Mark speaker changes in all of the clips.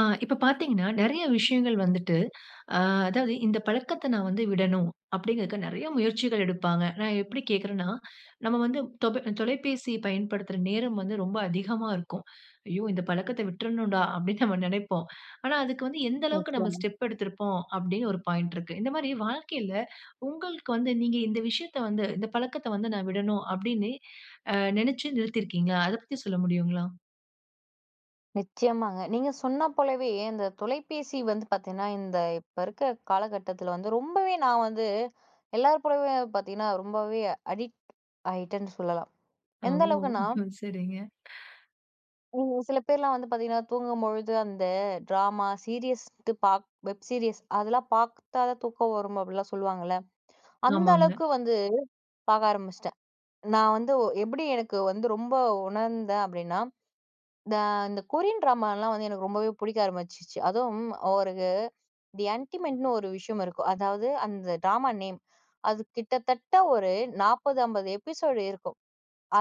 Speaker 1: ஆ, இப்ப பாத்தீங்கன்னா நெறைய விஷயங்கள் வந்துட்டு, ஆ அதாவது "இந்த பழக்கத்த நான் வந்து விடணும்." அப்டீங்கற்கு நெறைய முயற்சிகள் எடுப்பாங்க. நான் எப்படி கேக்குறேன்னா, நம்ம வந்து தொபை தொலைபேசி பயன்படுத்துற நேரம் வந்து ரொம்ப அதிகமா இருக்கும். "ஐயோ! இந்த பழக்கத்த விட்டுறணும்டா" அப்டீன்னு நாம நெனப்போம். ஆனா, அதுக்கு வந்து எந்த அளவுக்கு
Speaker 2: ஒகே,
Speaker 1: நாம
Speaker 2: மேம்.
Speaker 1: ஸ்டெப் எடுத்திருப்போம் அப்டீன்னு ஒரு பாயிண்ட் இருக்கு. இந்த மாரி வாழ்க்கையில உங்களுக்கு வந்து, நீங்க இந்த விஷயத்த வந்து, இந்த பழக்கத்த வந்து "நான் விடணும்" அப்டீன்னு நெனச்சு நிறுத்திருக்கீங்களா? அத பத்தி சொல்ல முடியுங்களா?
Speaker 2: நிச்சயமாங்க. நீங்க சொன்னா போலவே இந்த தொலைபேசி வந்து பாத்தீங்கன்னா, இந்த இப்ப இருக்குற காலகட்டத்துல வந்து ரொம்பவே நான் வந்து எல்லார் போலவே பாத்தீங்கன்னா ரொம்பவே அடிக்ட் ஆயிட்டேன்னு சொல்லலாம்.
Speaker 1: அ
Speaker 2: எந்த
Speaker 1: ஓ!
Speaker 2: அளவுக்குன்னா
Speaker 1: சரிங்க.
Speaker 2: ம். சில பேர்லாம் வந்து பாத்தீங்கன்னா தூங்கம்பொழுது, அந்த ட்ராமா, சீரியஸ் து பாப் வெப் சீரியஸ் அதெல்லாம் பாத்தா தான் தூக்கம் வரும் அப்புட்லாம் சொல்லுவாங்கல்ல. அந்த
Speaker 1: ஆமாங்க.
Speaker 2: அளவுக்கு வந்து பாக்க ஆரம்பிச்சிட்டேன். நான் வந்து எப்படி எனக்கு வந்து ரொம்ப உணர்ந்தேன் அப்டீன்னா, இந்த இந்த கொரியன் ட்ராமாலாம் வந்து எனக்கு ரொம்பவே புடிக்க ஆரம்பிச்சிச்சு. அதுவும் ஒரு இது தி அண்டிமென்ட்ன்னு ஒரு விஷயம் இருக்கும். அதாவது அந்த ட்ராமா நேம். அது கிட்டத்தட்ட ஒரு 40, 50 எபிசோடு இருக்கும்.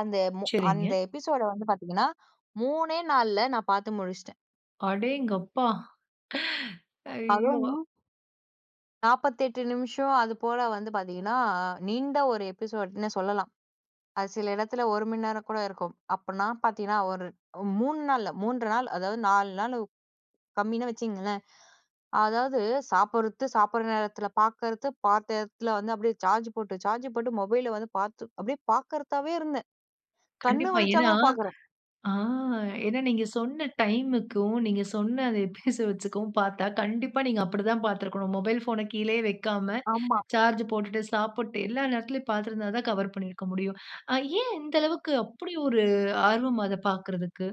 Speaker 2: அந்த மு அந்த
Speaker 1: சரிங்க.
Speaker 2: எபிசோடு வந்து பாத்தீங்கன்னா 3 நாள்ல நான் பாத்து முடிச்சிட்டேன்.
Speaker 1: அடேங்கப்பா! ஐயோ!
Speaker 2: அதுவும். 48 நிமிஷம். அதுபோல வந்து, பாத்தீங்கன்னா, நீண்ட ஒரு எபிசோடுன்னு சொல்லலாம். அது சில இடத்துல, 1 மணி நேரம் கூட இருக்கும். அப்பன்னா பாத்தீங்கன்னா, ஒரு 3 நாள்ல, 3 1/2 நாள். அதாவது 4 நாள். கம்மினே வச்சுக்கிங்களேன். அதாவது சாப்டுறது. சாப்பிடுற நேரத்தில பாக்கிறது. பாத்த இடத்துல வந்து, அப்படியே சார்ஜ் போட்டு, சார்ஜ் போட்டு மொபைல வந்து, பார்த்து அப்படியே பாக்கிறதாவே இருந்தேன். கண்ணு
Speaker 1: கண்டிப்பா.
Speaker 2: வலிச்சா
Speaker 1: ஏனா
Speaker 2: கூட பாக்குறேன்.
Speaker 1: ஆ ஏனா, நீங்க சொன்ன டைம்க்கும், நீங்க சொன்ன அத பேச வச்சுகும் பாத்தா, கண்டிப்பா நீங்க அப்டி தா பாத்து இருக்கணும். மொபைல் ஃபோன கீழயே வக்காம,
Speaker 2: ஆமா.
Speaker 1: சார்ஜ் போட்டுட்டு, சாப்பிட்டு. எல்லா நேரத்திலும் பாத்து இருந்தாதா, கவர் பண்ணியிருக்க முடியும். ஏன்? இந்த அளவுக்கு, அப்படி ஒரு ஆர்வம் அத பாக்குறதுக்கு.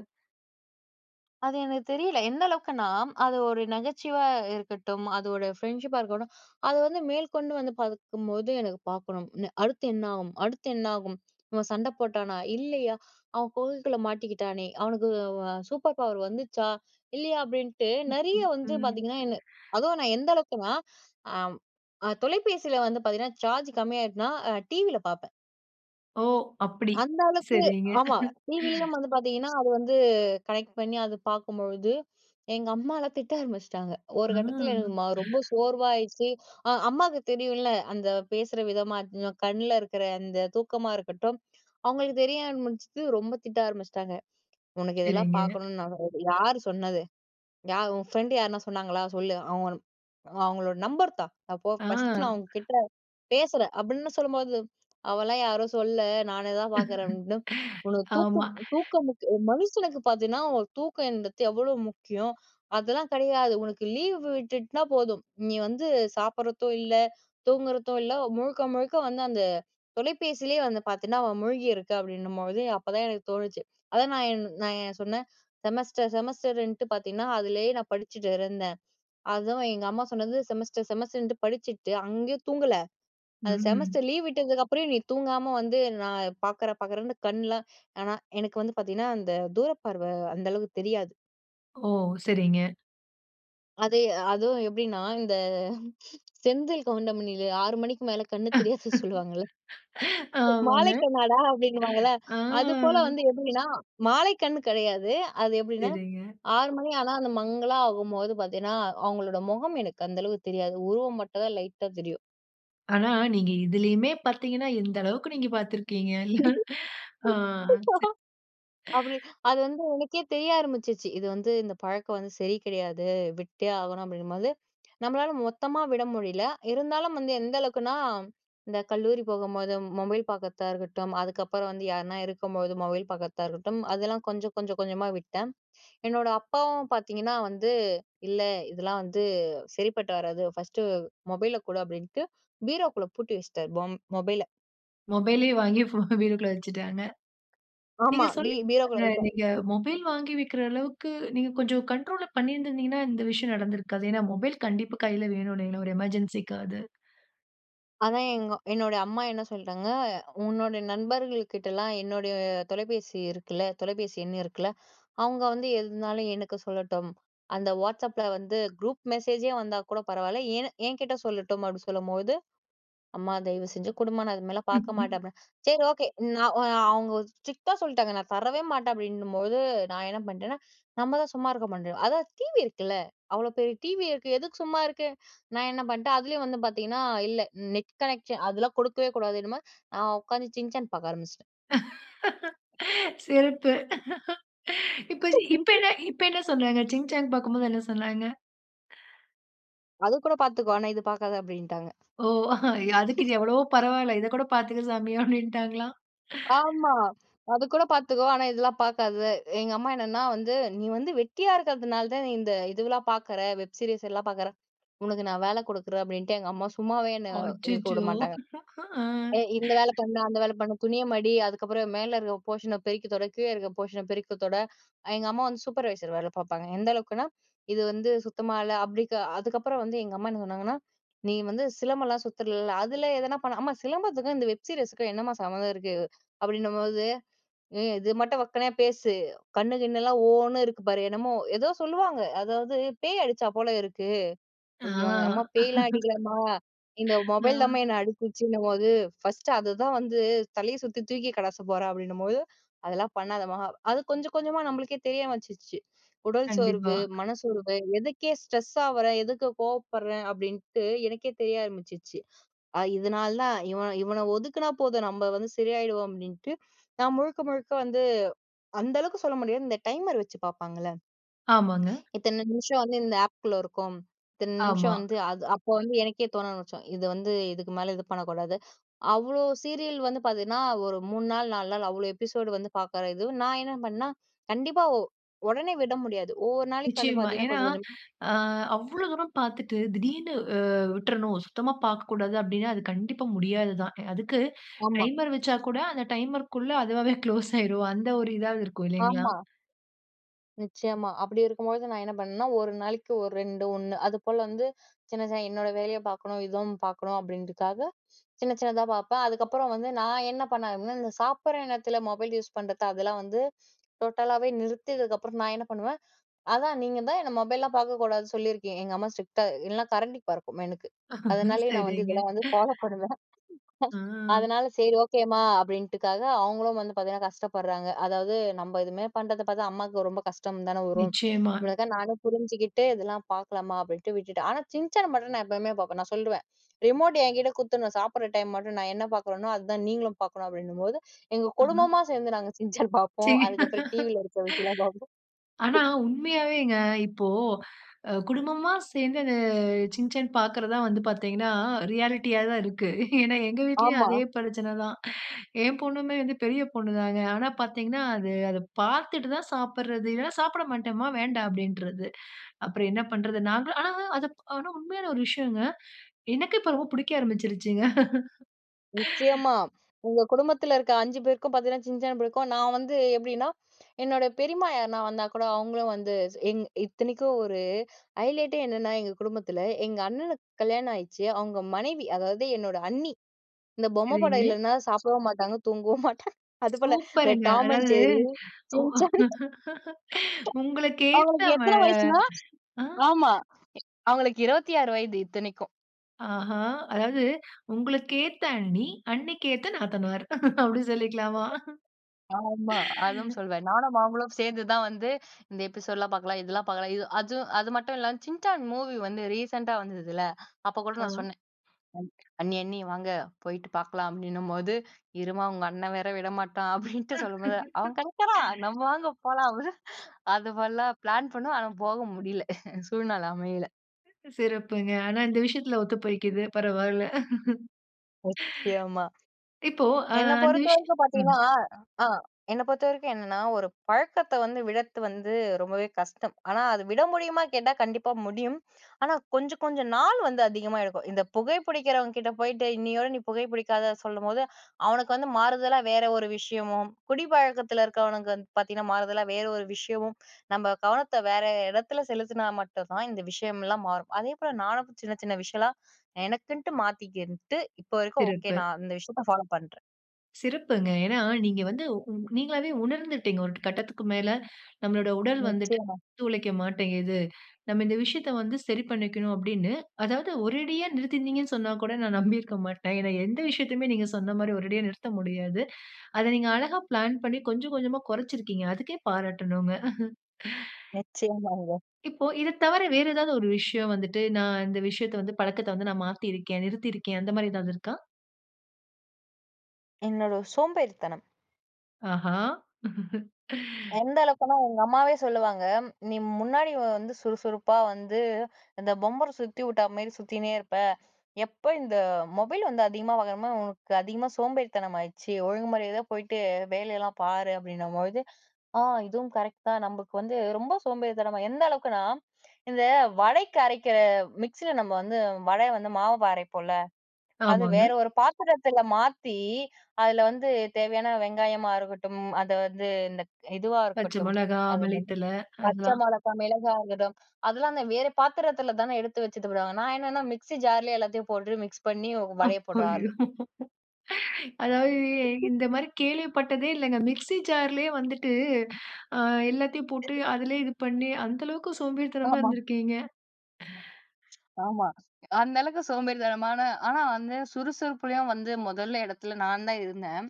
Speaker 2: அது எனக்கு தெரியல. எந்த அளவுக்குன்னா, அது ஒரு நகைச்சுவா இருக்கட்டும். அதோட ஃப்ரெண்ட்ஷிப்பா இருக்கட்டும். அத வந்து, மேல்கொண்டு வந்து பாக்கும்போது, எனக்கு பாக்கணும். அடுத்து என்னாகும். அடுத்து என்னாகும். இவன் சண்டை போட்டானா? இல்லையா? அவ குகைக்குள்ள மாட்டிக்கிட்டானே, அவனுக்கு அ, சூப்பர் பவர் வந்துச்சா? இல்லையா? அப்படின்ட்டு
Speaker 1: ஹ்கு
Speaker 2: நெறய வந்து
Speaker 1: ம்.
Speaker 2: பாத்தீங்கனா என்ன அதுவும் நான் எந்த அளவுக்குனா. ஆம் ஆ, தொலைபேசில வந்து பாத்தீங்கனா, சார்ஜ் கம்மியாடுச்சுனா. அ, டிவில பாப்பேன்.
Speaker 1: ஓ, அப்டி!
Speaker 2: அந்த அளவுக்கு
Speaker 1: சரிங்க.
Speaker 2: ஆமா டிவிலயும் வந்து பார்த்தீங்கன்னா, அது வந்து கனெக்ட் பண்ணி அது பார்க்கும்பொழுது, எங்க அம்மாலாம் திட்ட ஆரம்பிச்சிட்டாங்க. ஒரு
Speaker 1: அ.
Speaker 2: கட்டத்தில எனக்கு ம் ரொம்ப சோர்வாயிருச்சு. அ அம்மாக்கு தெரியும்ல அந்த பேசுற விதமா, கண்ல இருக்குற அந்த தூக்கமா இருக்கட்டும், அவங்களுக்கு தெரிய ஆரம்பிச்சிட்டு. ரொம்ப திட்ட ஆரம்பிச்சுட்டாங்க. "உனக்கு இதெல்லாம்
Speaker 1: சரிங்க.
Speaker 2: பார்க்கணும்னு நான் [unintelligible] யாரு சொன்னது? யார் உன் ஃப்ரெண்ட் யாருனா சொன்னாங்களா? சொல்லு. அவங்க அவங்களோட நம்பர் தா. அப்போ ஃபர்ஸ்ட்டு
Speaker 1: ஆ.
Speaker 2: நான் உங்க கிட்ட பேசுறேன்'' அப்டின்னு சொல்லும்போது. ''அவலாம் யாரும் சொல்லல நானே தான் பார்க்குறேன்'' அப்டின்னு, உனக்கு
Speaker 1: ஆமா.
Speaker 2: தூக்கம் தூக்கம் முக்கிய ஒரு மனுஷனுக்கு பார்த்தீன்னா ஒரு தூக்கம்ன்றது எவ்வளோ முக்கியம். அதெல்லாம் கிடையாது உனக்கு லீவ் விட்டுட்டுனா போதும் நீ வந்து சாப்பிடுறதும் இல்ல தூங்குறதும் இல்ல. முழுக்க முழுக்க வந்து அந்த தொலைபேசிலே வந்து பார்த்தீன்னா. அவ மூழ்கியிருக்க அப்டின்னும்போது. அப்பதான் எனக்கு தோணுச்சு அதான் நான் என் நான் என் சொன்னேன். செமஸ்டர் செமஸ்டர்ன்ட்டு பார்த்தின்னா, அதுலயே நான் படிச்சுட்டு இருந்தேன். அதுவும் எங்க அம்மா சொன்னது செமஸ்டர் செமஸ்டர்ன்ட்டு படிச்சுட்டு, அங்கயும் தூங்கல. அந்த
Speaker 1: ம்.
Speaker 2: செமஸ்டர் லீவ் விட்டதுக்கப்புற நீ தூங்காம வந்து நான் பார்க்குறேன். பார்க்குறேன்னு கண்லாம் ஆனா எனக்கு வந்து பார்த்தீங்கன்னா அந்த தூர பார்வ அந்தளவு தெரியாது.
Speaker 1: ஓ! சரிங்க.
Speaker 2: அதே அதுவும் எப்பிடின்னா இந்த செந்தில் கவுண்டமணில 6:00 மணிக்கு மேல கண்ணு தெரியாது சொல்லுவாங்கல்ல,
Speaker 1: ஆமாங்க.
Speaker 2: மாலைக்கண்ணாடா அப்பிடின்னுவாங்கல்ல.
Speaker 1: ஆமா.
Speaker 2: அது போல வந்து எப்பிடின்னா, மாலைக்கண் கிடையாது. அது எப்பிடின்னா
Speaker 1: சரிங்க.
Speaker 2: 6:00 மணி ஆனா அந்த மங்கலா ஆகும்போது பார்த்தீன்னா, அவுங்களோட முகம் எனக்கு அந்த அளவுக்கு தெரியாது. உருவம் மட்டும் தான் லைட்டா தெரியும்.
Speaker 1: ஆனா, நீங்க இதிலேயுமே பார்த்தீங்கனா, எந்த அளவுக்கு நீங்க பார்த்துருக்கீங்க இல்ல, ஆ ச.
Speaker 2: அப்பிடி, அது வந்து எனக்கே தெரிய ஆரம்பிச்சிச்சு. இது வந்து இந்த பழக்கம் வந்து சரி கிடையாது, விட்டே ஆகணும் அப்பிடிங்கம்போது, நம்மளால மொத்தமா விட முடியல, இருந்தாலும் வந்து எந்த அளவுக்குனா, இந்த கல்லூரி போகும்போது, மொபைல் பார்க்கிறதா இருக்கட்டும், அதுக்கப்பறம் வந்து யார்னா இருக்கும்போது மொபைல் பார்க்கிறதா இருக்கட்டும், அதெல்லாம் கொஞ்சம், கொஞ்சம், கொஞ்சமா விட்டேன். என்னோட அப்பாவும் பார்த்தீங்கன்னா வந்து, இல்ல இதெல்லாம் வந்து சரிப்பட்டு வராது. ஃபர்ஸ்ட்டு மொபைல கொடு அப்பிடின்ட்டு, பீரோக்குள்ள பூட்டி வச்சிட்டாரு. பொம் மொபைல.
Speaker 1: மொபைலே வாங்கி ஃபோன வீட்டுக்குள்ள வச்சுட்டாங்க. நீங்க
Speaker 2: ஆமா. பீ
Speaker 1: சொல்லி
Speaker 2: பீரோக்குள்ள
Speaker 1: [unintelligible]
Speaker 2: வச்சிட்டாரு.
Speaker 1: நீங்க மொபைல் வாங்கி வக்கிற அளவுக்கு நீங்க கொஞ்சம் கண்ட்ரோலா பண்ணியிருந்தீங்கனா, இந்த விஷயம் நடந்திருக்காது. ஏனா, மொபைல் கண்டிப்பா கையில வேணும் இல்லேங்களா! ஒரு எமர்ஜென்சி காவது.
Speaker 2: அதான் எங்க என்னோட அம்மா என்ன சொல்றாங்க? உன்னோட நண்பர்கள் கிட்டலாம் என்னுடைய தொலைபேசி இருக்குல்ல. தொலைபேசி எண் இருக்குல்ல. அவங்க வந்து எதுனாலும் எனக்கு சொல்லட்டும். அந்த WhatsAppல வந்து குரூப் மெசேஜே வந்தா கூட பரவால்ல, ஏன் எங்கிட்ட சொல்லட்டும் அப்படி சொல்லும்போது, அம்மா தயவு செஞ்சு குடுமா நான் அது மேல பாக்க மாட்டேன் அப்பனா. சரி ஓகே நான் அவங்க, ஸ்ட்ரிக்ட்டா சொல்ட்டாங்க நான் தரவே மாட்டேன் அப்டின்னும்போது, நான் என்ன பண்ட்டேன்னா, நம்மதான் சும்மா இருக்க மாட்டோமே. அதான் டிவி இருக்குல்ல, அவ்வளவு பெரிய டிவி இருக்கு எதுக்கு சும்மா இருக்கு? நான் என்ன பண்ட்டேன்? அதுலயும் வந்து பாத்தீங்கன்னா இல்ல நெட் கனெக்சன், அதெல்லாம் குடுக்கவே கூடாது, நான் உக்காந்து Shin Chan பாக்க ஆரம்பிச்சுட்டேன்.
Speaker 1: சிறப்பு. இப்ப இது இப்ப என்ன இப்ப என்ன சொன்னாங்க? Shin Chan பாக்கும்போது என்ன சொன்னாங்க?
Speaker 2: அது கூட பார்த்துக்கோ. ஆனா இது பார்க்காத அப்டின்ட்டாங்க.
Speaker 1: ஓ! அதுக்கு இது எவ்வளவோ பரவால்ல இத கூட பாத்துக்க சாமி அப்டின்னுட்டாங்களாம்.
Speaker 2: ஆமா. அது கூட பாத்துக்கோ. ஆனா இதெல்லாம் பாக்காத, எங்க அம்மா என்னன்னா வந்து நீ வந்து வெட்டியா இருக்கறதுனாலதான் இந்த இதெல்லாம் பாக்குற வெப் சீரிஸ் எல்லாம் பாக்குற. உனக்கு நான் வேல குடுக்குறேன் அப்டின்ட்டு எங்க அம்மா சும்மாவே என்ன இருக்க
Speaker 1: அச்சச்சோ!
Speaker 2: விடமாட்டாங்க. எ இந்த வேலை பண்ணு, அந்த வேலை பண்ணு, துணிய மடி, அதுக்கப்புறம் மேல இருக்க போர்ஷன பெருக்கி தொட, கீழ இருக்க போர்ஷன பெருக்கி தொட, எங்க அம்மா வந்து சூப்பர்வைசர் வேல பாப்பாங்க. எந்த அளவுக்குன்னா, இது வந்து சுத்தமா இல்ல. அபிடிக்க அதுக்கப்புறம் வந்து எங்க அம்மா என்ன சொன்னாங்கன்னா, நீ வந்து சிலம்பம்லாம் சுத்துறல, அதுல எதுனா பண்ண. அம்மா சிலம்பத்துக்கும் இந்த வெப் சீரிஸ்க்கும் என்னம்மா சம்பந்தம் இருக்கு? அப்டின்னும்போது, இது மட்டும் வக்கணையா பேசு. கண்ணு கிண்ணுலாம் ஓன்னு இருக்கு பாரு. என்னமோ ஏதோ சொல்லுவாங்க. அதாவது பேய் அடிச்சா போல இருக்கு,
Speaker 1: ஆ.
Speaker 2: அப்டின்னுவாங்க. அம்மா பேய்லாம் அடிக்கலமா. இந்த மொபைல் தான்மா
Speaker 1: ஆ.
Speaker 2: என்ன அடிச்சிருச்சுன்னும்போது, ஃபர்ஸ்ட் அததான் வந்து தலைய சுத்தி தூக்கி கடாச போறேன் அப்டின்னும்போது அதெல்லாம் பண்ணாதமா, அது கொஞ்சம் கொஞ்சமா நம்மளுக்கே தெரிய வந்துச்சு. உடல்
Speaker 1: கண்டிப்பா.
Speaker 2: சோர்வு, மனச்சோர்வு, எதுக்கு ஸ்ட்ரெஸ்ஸா ஆவுர? எதுக்கு கோபப்படுறேன், அப்டின்னு எனக்கே தெரிய ஆரம்பிச்சுச்சு. அ இதனாலதான், இவன் இவன ஒதுக்குனா போதும், நம்ம வந்து சரியாயிடுவோம் அப்டின்ட்டு. நான் முழுக்க முழுக்க வந்து, அந்த அளவுக்கு சொல்ல முடியாது, இந்த டைமர் வச்சு பாப்பாங்கல்ல
Speaker 1: ஆமாங்க.
Speaker 2: இத்தன நிமிஷம் வந்து இந்த ஆப்க்குள்ள இருக்கும். இத்தன நிம்ஷம்
Speaker 1: ஆமா.
Speaker 2: வந்து அது அப்ப வந்து எனக்கே தோண ஆரம்பிச்ரும், இது வந்து இதுக்கு மேல இது பண்ணக்கூடாது அவ்ளோ சீரியல் வந்து பாத்தீங்கன்னா, ஒரு 3 நாள் 4 நாள் அவ்வளவு எபிசோட் வந்து பாக்குற இது, நான் என்ன பண்ணேன்னா, கண்டிப்பா ஒ ஒடனே விட முடியாது. ஒவ்வொரு நாளைக்கு வந்து
Speaker 1: நிச்சயமா.
Speaker 2: பாத்தீங்கன்னா
Speaker 1: ஏன்னா,
Speaker 2: கொஞ்சம் கொஞ்சம்
Speaker 1: அ அவ்ளோ தூரம் பாத்துட்டு திடீர்னு, விட்றணும். சுத்தமா பாக்க கூடாது அப்டின்னா அது கண்டிப்பா முடியாததுதான். அதுக்கு,
Speaker 2: ஆமா.
Speaker 1: டைமர் வச்சா கூட அந்த டைமர்க்குள்ள அதுவாவே க்ளோஸ் ஆயிரும் அந்த ஒரு இதாவது இருக்கும் இல்லைங்களா?
Speaker 2: ஆமா. நிச்சியமா. அப்டி இருக்கும்பொழுது, நா என்ன பண்ணேனா. 1 நாளைக்கு 1 2 ஒண்ணு. அதுபோல வந்து, சின்ன சின்ன என்னோட வேலைய பாக்கணும். இதுவும் பாக்கணும். அப்டின்றக்காக, சின்ன சின்னதா பாப்பேன். அதுக்கப்பறம் வந்து, நான் என்ன பண்ண, இந்த சாப்பிட்ற நேரத்துல மொபைல் யூஸ் பண்றது, அதெல்லா வந்து டோட்டலாவே நிறுத்தியதுக்கப்றம், நான் என்ன பண்ணுவேன். அதா, நீங்க தான் என்ன மொபைல்லா பாக்கக்கூடாது சொல்லியிருக்கிங் எங்க அம்மா ஸ்ட்ரிக்ட்டா இல்லன்னா, கரண்டி பறக்கும், எனக்கு. அதனாலேயே நா வந்து,
Speaker 1: சரிங்க.
Speaker 2: இதெல்லா வந்து ஃபாலோ பண்ணுவேன்.
Speaker 1: ஆ.
Speaker 2: அதனால, சேரி. ஓகேம்மா. அப்டின்ட்டுக்காக, அவங்களும் வந்து பாத்தீங்கனா, கஷ்டப்பட்றாங்க. அதாவது நம்ம, எதுமே பண்றத பாத்தா, அம்மாக்கு ரொம்ப கஷ்டம் தான வரும்.
Speaker 1: நிச்சியமா.
Speaker 2: இவ்ளக்காக நானே புரிஞ்சுகிட்டு, இதெல்லா பாக்கலாமா. அப்டின்ட்டு விட்டுடே. ஆனா, "சிஞ்சான்" மட்டு நா, எப்பைவுமே பாப்பேன். நான் சொல்றிவேன். ரிமோட் என்கிட்ட குடுத்துடணும். சாப்பிட்ற டைம் மட்டும். நான் என்ன பாக்குறனோ, அதுதா நீங்களும் பாக்கணும், அப்டின்னும்போது, எங்க
Speaker 1: அம.
Speaker 2: குடும்பமா சேந்து, நாங்க "சிஞ்சான்"
Speaker 1: சே
Speaker 2: பாப்போம். அதுக்கப்புறம் டிவியில இருக்க விஷயம்லா பாப்போ.
Speaker 1: ஆனா, உண்மையாவேங்க. இப்போ, அ குடும்பமா சேந்து, அந்த "சிஞ்சான்" பாக்குறதா வந்து பாத்தீங்கனா, ரியாலிட்டியாதா இருக்கு. ஏனா எங்க வீட்லேயும்,
Speaker 2: ஆமா.
Speaker 1: அதே பிரச்சனதா. என் பொண்ணுமே வந்து பெரிய பொண்ணு தாங்க. ஆனா, பாத்தீங்கனா அது, அத பாத்துட்டு தா சாப்பிட்றது. இல்லைனா சாப்பிட மாட்டேமா. வேண்டா. அப்டின்றது. அப்புறம் என்ன பண்றது, நாங்களும் ஆனா அத ஆனா, உண்மையான ஒரு விஷயங்க. எனக்கு இப்ப ரொம்ப புடிக்க ஆரம்பிச்சுருச்சுங்க.
Speaker 2: நிச்சியமா. உங்க குடும்பத்துல இருக்க 5 பேருக்கும் பாத்தீங்கன்னா, "சிஞ்சான்" புடிக்கும். நான் வந்து எப்டின்னா, என்னோட பெரியம்மா யார்னா வந்தா கூட, அவங்களும் வந்து எங் இத்தனைக்கும் ஒரு ஐலைட்டே என்னனா, எங்க குடும்பத்தில. எங்க அண்ணனுக்கு கல்யாண ஆயிட்ச்சு. அவங்க மனைவி, அதாவது என்னோட அண்ணி. இந்த பொம்ம படம்
Speaker 1: சரிங்க.
Speaker 2: இல்லனா, சாப்டவு மாட்டாங்க, தூங்கவு மாட்டாங்க. அதுபோல, இந்த
Speaker 1: சூப்பர்ங்க.
Speaker 2: "டாம் அண்ட்
Speaker 1: அதாவது
Speaker 2: ஜெர்ரி,
Speaker 1: உ
Speaker 2: சிஞ்சான்"
Speaker 1: உங்களுக்கேத்த
Speaker 2: அவங்களுக்கு
Speaker 1: ம
Speaker 2: எத்தன வயசுனா
Speaker 1: அ
Speaker 2: ஆமா. அவங்களுக்கு 26 வயது, இத்தனைக்கும்.
Speaker 1: ஆஹா! அதாவது உங்களுக்கு ஏத்த அண்ணி, அண்ணிக்கு ஏத்த நாத்தனார். அப்டி சொல்லிக்கலாமா?
Speaker 2: ஆமா. அதுவும் சொல்வேன். நானும் அவங்களும் சேர்ந்து தான் வந்து, "இந்த எபிசோடுலாம் பார்க்கலாம். இதெல்லாம் பார்க்கலாம்." இது அது அது மட்டும் இல்லாம சின்சான் மூவி வந்து ரீசென்ட்டா வந்ததுல்ல, அப்போ கூட நான்
Speaker 1: ஆ.
Speaker 2: சொன்னேன். "அண்ணி அண்ணி வாங்க போயிட்டு பார்க்கலாம்." அப்படின்னும்போது, இரும்மா உங்க அண்ணன் வேற விடமாட்டான் அப்படின்ட்டு சொல்லும்போது, அவன் கிடைக்கிறான், நம்ம வாங்க போலாம் அப்படினு, அது மாறிலா பிளான் பண்ணுவோம், ஆனால் போக முடியல சூழ்நிலை அமையல.
Speaker 1: சிறப்புங்க. ஆனா, இந்த விஷயத்தில ஒத்து போய்கிது பரவால.
Speaker 2: நிச்சயமா.
Speaker 1: இப்போ ஆ
Speaker 2: என்ன
Speaker 1: அந்த விஷயம்
Speaker 2: பொறுத்தவரைக்கும்
Speaker 1: ம்.
Speaker 2: பார்த்தீங்கன்னா, ஆ என்ன பொறுத்தவரைக்கும் என்னன்னா, ஒரு பழக்கத்தை வந்து விடர்த்து வந்து ரொம்பவே கஷ்டம். ஆனா அத விட முடியுமா? கேட்டா கண்டிப்பா முடியும், ஆனால் கொஞ்சம் கொஞ்சம் நாள் வந்து அதிகமா எடுக்கும். இந்த புகை பிடிக்கிறவங்க கிட்ட போயிட்டு, இன்னையோட நீ புகை பிடிக்காத சொல்லும்போது, அவனுக்கு வந்து மாறுதலா வேறு ஒரு விஷயமும், குடிப்பழக்கத்தில இருக்கிறவனுக்கு வந்து பார்த்தீங்கன்னா மாறுதலா வேறு ஒரு விஷயமும், நம்ம கவனத்தை வேறு இடத்துல செலுத்தினா மட்டும் தான் இந்த விஷயம்லாம் மாறும். அதேபோல நானும் சின்ன சின்ன விஷயலாம் எனக்குன்ட்டு மாத்திக்கிட்டு, இப்போ வரைக்கும் ஓகே
Speaker 1: சிறப்பு.
Speaker 2: நான் அந்த விஷயத்தை ஃபாலோ பண்றேன்.
Speaker 1: சிறப்புங்க. ஏனா, நீங்க வந்து உ நீங்களாவே உணர்ந்துட்டீங்க. "ஒரு கட்டத்துக்கு மேல நம்மளோட உடல் வந்துட்டு
Speaker 2: நிச்சயமா.
Speaker 1: உழைக்க மாட்டேங்கிது. நம்ம இந்த விஷயத்த வந்து சரி பண்ணிக்கணும்." அப்டின்னு அதாவது ஒரேடியா நிறுத்திருந்தீங்கன்னு சொன்னா கூட நான் நம்பி இருக்க மாட்டேன். ஏனா, எந்த விஷயத்தையுமே நீங்க சொன்ன மாரி ஒரேடியா நிறுத்த முடியாது. அத நீங்க அழகா பிளான் பண்ணி கொஞ்சம் கொஞ்சமா கொறைத்துருக்கிங்க. அதுக்கே பாராட்டணுங்க.
Speaker 2: நிச்சியமாங்க.
Speaker 1: இப்போ இத தவர வேறு ஏதாவது ஒரு விஷயம் வந்துட்டு நான் இந்த விஷயத்த வந்து பழக்கத்த வந்து, "நான் மாத்திருக்கேன், நிறுத்திருக்கேன்." அந்த மாதிரி ஏதாவது இருக்கா?
Speaker 2: என்னோட சோம்பேறித்தனம்.
Speaker 1: ஆஹா!
Speaker 2: எந்த அளவுக்குன்னா எங்க அம்மாவே சொல்லுவாங்க. "நீ முன்னாடி வந்து சுறுசுறுப்பா வந்து இந்த பம்பரம் சுத்தி வுட்டா மாரி சுத்தினே இருப்ப." எப்ப இந்த மொபைல் வந்து அதிகமா வாங்கணுமோ உனக்கு அதிகமா சோம்பேறித்தனம் ஆயிடுச்சு ஒழுங்குமாரியாதைய போயிட்டு வேலையெல்லாம் பாரு அப்டின்னும்போது. ஆ இதுவும் கரெக்ட் தான் நமக்கு வந்து ரொம்ப சோம்பேறித்தனம் எந்த அளவுக்குனா? இந்த வடைக்கு அரைக்கிற மிக்ஸியில நம்ம வந்து வடைய வந்து மாவு அரைப்போல அது
Speaker 1: ஆமாங்க.
Speaker 2: வேற ஒரு பாத்திரத்தில மாத்தி அதில வந்து தேவையான வெங்காயமா இருக்கட்டும் அத வந்து இந்த இதுவா
Speaker 1: பச்ச
Speaker 2: இருக்கட்டும்
Speaker 1: மோளகா,
Speaker 2: அது என்னது?
Speaker 1: மல்லித்தல,
Speaker 2: பச்ச
Speaker 1: அதான்.
Speaker 2: மோளகா மிளகா இருக்கட்டும். அதெல்லாம் அந்த வேற பாத்திரத்தில தானே எடுத்து வச்சிட்டு போடுவாங்க. நான் என்னன்னா மிக்ஸி ஜார்லே எல்லாத்தையும் போட்டு மிக்ஸ் பண்ணி
Speaker 1: ஐயோ!
Speaker 2: வடைய போடுற ஆள்.
Speaker 1: அதாவது இந்த மாரி கேள்விப்பட்டதே இல்லங்க. மிக்ஸி ஜார்லயே வந்துட்டு ஆ எல்லாத்தையும் போட்டு அதிலேயே இது பண்ணி, அந்த அளவுக்கு சோம்பேறித்தனமா
Speaker 2: ஆமா.
Speaker 1: இருந்திருக்கீங்க?
Speaker 2: ஆமா. அந்த அளவுக்கு சோம்பேறித்தனமானா ஆனா வந்து சுறுசுறுப்புலயும் வந்து மோதல் இடத்துல நான் தான் இருந்தேன்.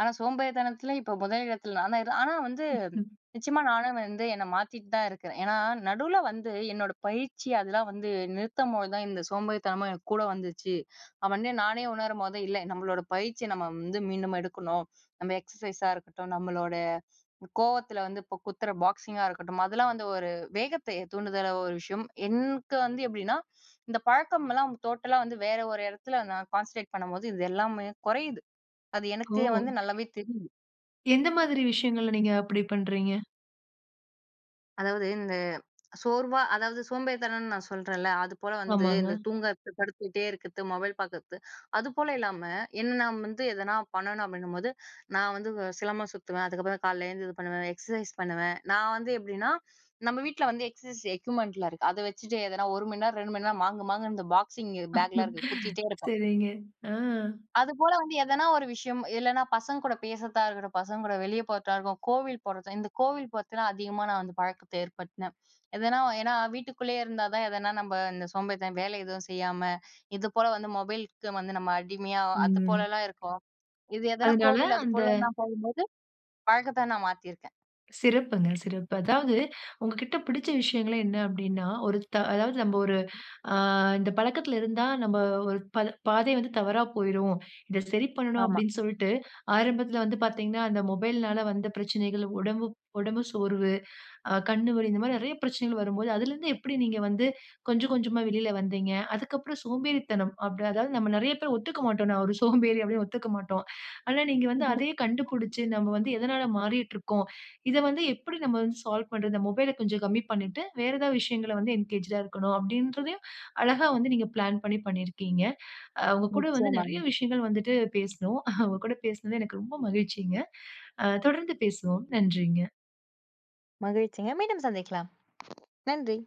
Speaker 2: ஆனா சோம்பேறித்தனத்தில இப்போ முதல் இடத்துல நான்தான் ஆனா வந்து
Speaker 1: ம்ஹம்.
Speaker 2: நிச்சியமா நானும் வந்து என்ன மாத்திட்டு தான் இருக்குறேன். ஏனா நடுவுல வந்து என்னோட பயிற்சி அதெல்லாம் வந்து நிறுத்தம்போது தான் இந்த சோம்பேறித்தனமும் என் கூட வந்துச்சு அவனே நானே உணரும் போது இல்ல நம்மளோட பயிற்சிய நம்ம வந்து மீண்டும் எடுக்கணும். நம்ப எக்ஸர்சைஸா இருக்கட்டும் நம்மளோட கோவத்தில வந்து இப்போ குத்துற பாக்ஸிங்கா இருக்கட்டும் அதெல்லாம் வந்து ஒரு வேகத்தை தூண்டுதல ஒரு விஷயம். எனக்கு வந்து எப்டின்னா இந்த பழக்கம்லாம் டோட்டலா வந்து வேற ஒரு இடத்துல நான் கான்சன்ட்ரேட் பண்ணும்போது இது எல்லாமே குறையிது அது
Speaker 1: ஓ!
Speaker 2: எனக்கு வந்து நல்லாவே தெரியிது.
Speaker 1: எந்த மாதிரி விஷயங்கள நீங்க அப்படி பண்றீங்க?
Speaker 2: அதாவது இந்த சோர்வா, அதாவது சோம்பேறித்தனம்னு நான் சொல்றேன்ல அதுபோல வந்து இந்த
Speaker 1: ஆமாங்க.
Speaker 2: தூங்குறத்து, படுத்துகிட்டே இருக்கிறது, மொபைல் பார்க்குறத்து, அது போல இல்லாம, என்ன நான் வந்து எதனா பண்ணணும் அப்படின்னும்போது, நான் வந்து சிலம்பம் சுத்துவேன். அதுக்கப்புறம் காலையில எழுந்து இது பண்ணுவேன். எக்ஸர்சைஸ் பண்ணுவேன், நான் வந்து எப்டின்னா, நம்ப வீட்டில வந்து எக்சர்சைஸ் எக்யூப்மென்ட்டிலா இருக்கு, அத வச்சுட்டு எதனா 1 மணி நேரம் 2 மணி நேரம், மாங்கு மாங்குன்னு இந்த பாக்ஸிங் பேக்லாம் இருக்கு, குத்திட்டே இருப்பேன்.
Speaker 1: சரிங்க. ஆ.
Speaker 2: அதுபோல வந்து எதனா ஒரு விஷயம், இல்லைனா பசங்க கூட பேசுறதா இருக்கட்டும், பசங்க கூட வெளியே போறதா இருக்கும், கோவில் போறது இந்த கோவில் போறத்துலாம், அதிகமா நான் வந்து பழக்கத்தை ஏற்படுத்துனேன். எதனா ஏன்னா வீட்டுக்குள்ளேயே இருந்தா தான், எதனா நம்ப இந்த சோம்பேறித்தன வேலை எதுவும் செய்யாம, இது போல வந்து மொபைலுக்கு வந்து நம்ம அடிமையா, அது
Speaker 1: ம்.
Speaker 2: போலலாம் இருக்கும், இது எதனா
Speaker 1: அதனால்
Speaker 2: கோவில்
Speaker 1: அந்த
Speaker 2: அதுபோலலாம் போகும்போது, பழக்கத்த நான் மாத்தியிருக்கேன்.
Speaker 1: சிறப்புங்க சிறப்பு. அதாவது உங்க கிட்ட பிடிச்ச விஷயங்களே என்ன அப்டின்னா, ஒரு த அதாவது நம்ம ஒரு ஆங் இந்த பழக்கத்தில இருந்தா நாம் ஒரு ப பாதை வந்து தவறா போய்ரும். இத சரி பண்ணணும்
Speaker 2: ஆமா.
Speaker 1: அப்டினு சொல்ட்டு ஆரம்பத்தில வந்து பார்த்தீங்கனா அந்த மொபைல்னால வந்த பிரச்சனைகள். உடம்பு, உடம்பு சோர்வு, கண் வலி இந்த மாதிரி நிறைய பிரச்சனைகள் வரும்போது அதில இருந்து எப்படி நீங்க வந்து கொஞ்சம் கொஞ்சமா வெளில வந்தீங்க. அதுக்கு அப்புறம் சோம்பேறித்தனம் அப்படி அதாவது நாம் நிறைய பேர் ஒத்துக் மாட்டோம். நான் ஒரு சோம்பேறி அப்படினு ஒத்துக்க மாட்டோம். ஆனா நீங்க வந்து அதையே கண்டுபிடிச்சு நம்ம வந்து எதனால மாறிட்டு இருக்கோம். இத வந்து எப்படி நம்ம வந்து சால்வ் பண்றது. இந்த மொபைல்ஐ கொஞ்சம் கம்மி பண்ணிட்டு வேறு ஏதாவது விஷயங்களை வந்து என்கேஜ்ட்ஆக இருக்கவேண்டும். அப்டின்றதயும் அழகா வந்து நீங்க பிளான் பண்ணி பண்ணியிருக்கீங்க. அ உங்க கூட வந்து
Speaker 2: நிச்சயமா.
Speaker 1: நிறைய விஷயங்கள் வந்துவிட்டு பேசினோம். அவங்க கூட பேசினது எனக்கு ரொம்ப மகிழ்ச்சிங்க. அ தொடர்ந்து பேசுவோம். நன்றிங்க.
Speaker 2: மகிழ்ச்சிங்க மீண்டும் சந்திக்கலாம், நன்றி.